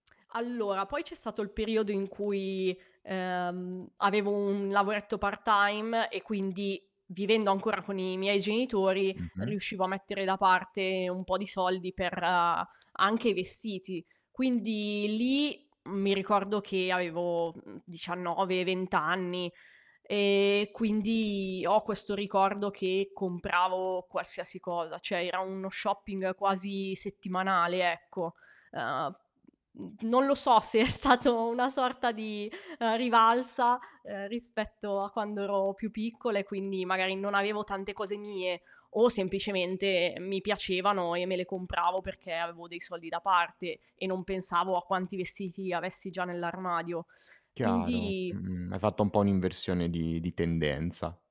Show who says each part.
Speaker 1: Allora, poi c'è stato il periodo in cui, ehm, avevo un lavoretto part-time, e quindi, vivendo ancora con i miei genitori,
Speaker 2: Mh-mh.
Speaker 1: riuscivo a mettere da parte un po' di soldi per anche vestiti. Quindi lì, mi ricordo che avevo, mhmm, 19, 20 anni, e quindi ho questo ricordo che compravo qualsiasi cosa, cioè era uno shopping quasi settimanale, ecco. Ehm, mhmm, non lo so se è stato una sorta di rivalsa, ehm, rispetto a quando ero più piccola e quindi magari non avevo tante cose mie, o semplicemente mi piacevano e me le compravo perché avevo dei soldi da parte e non pensavo a quanti vestiti avessi già nell'armadio.
Speaker 2: Chiaro,
Speaker 1: Quindi
Speaker 2: mh-mh. Hai fatto un po' un'inversione di di tendenza.